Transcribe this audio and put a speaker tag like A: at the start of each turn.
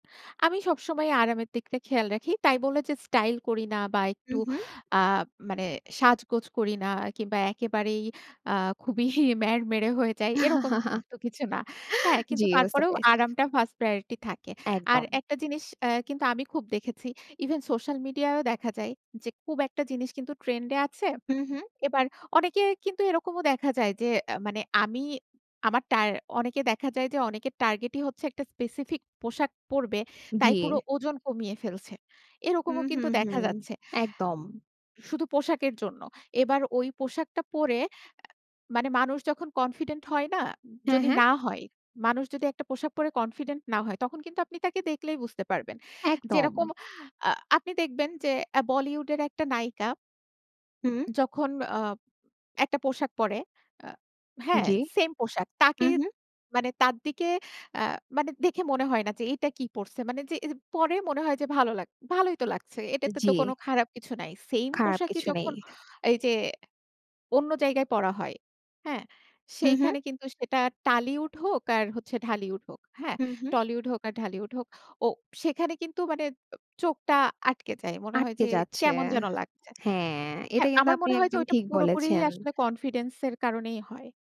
A: আমি সবসময় আরামের দিকটা খেয়াল রাখি। তাই বলে যে, স্টাইল করি না বা একটু
B: হুম, হুম।
A: আ মানে সাজগোজ করি না কিংবা একেবারেই আ খুবই ম্যাড়মেড়ে হয়ে যাই। এরকম কিন্তু কিছু না। হ্যাঁ,
B: জী,
A: কিন্তু
B: বুঝতে
A: তারপরেও
B: পেরেছি।
A: আরামটা 1st প্রায়োরিটি থাকে। আর
B: একদম।
A: একটা জিনিস অ্যাঁ কিন্তু আমি খুব দেখেছি। ইভেন সোশ্যাল মিডিয়ায়ও দেখা যায় যে, খুব একটা জিনিস কিন্তু ট্রেন্ড এ আছে।
B: হুম, হুম।
A: এবার অনেকের কিন্তু এরকমও দেখা যায়, যে অ্যাঁ মানে, আমি আমার টার অনেকে দেখা যায়, যে অনেকের টার্গেটই হচ্ছে, একটা স্পেসিফিক পোশাক পড়বে। তাই পুরো
B: জী।
A: ওজন কমিয়ে ফেলছে।
B: হুম,
A: এরকমও
B: হুম,
A: কিন্তু দেখা
B: হুম।
A: যাচ্ছে
B: একদম।
A: শুধু পোশাকের জন্য। এবার ওই পোশাকটা পরে আ মানে, মানুষ যখন কনফিডেন্ট হয় না?
B: হ্যাঁ,
A: যদি
B: হ্যাঁ।
A: না হয়। মানুষ যদি একটা পোশাক পরে কনফিডেন্ট না হয়, তখন কিন্তু আপনি তাকে দেখলেই বুঝতে পারবেন।
B: একদম।
A: যেরকম আ আপনি দেখবেন যে, আ বলিউড এর একটা নায়িকা
B: হুম।
A: যখন, আ একটা পোশাক পরে, আ হ্যাঁ,
B: জী।
A: সেম পোশাক। তাকে
B: হুম, হুম।
A: মানে, তার দিকে আ মানে দেখে মনে হয় না যে, এটা কি পড়ছে? মানে যে এইযে পড়ে, মনে হয় যে ভালো লাগছে। ভালোই তো লাগছে। এটাতে তো কোনো
B: জী।
A: খারাপ কিছু নাই। সেইম
B: খারাপ
A: পোশাকই
B: কিছু নেই।
A: যখন এইযে, অন্য জায়গায় পড়া হয়, হ্যাঁ?
B: হুম, হুম।
A: সেইখানে কিন্তু সেটা টালিউড হোক, আর হচ্ছে ঢালিউড হোক, হ্যাঁ?
B: হুম, হুম।
A: টলিউড হোক আর ঢালিউড হোক। ও সেখানে কিন্তু মানে ও চোখটা আটকে যায়। মনে হয়
B: আটকে
A: যে,
B: যাচ্ছে।
A: কেমন যেন লাগছে
B: হ্যাঁ, এটা
A: হ্যাঁ,
B: কিন্তু
A: আমার
B: আপনি
A: মনে হয় যে,
B: একদম
A: ওইটা
B: ঠিক
A: পুরোপুরিই
B: বলেছেন।
A: আসলে কনফিডেন্স এর কারণেই হয়।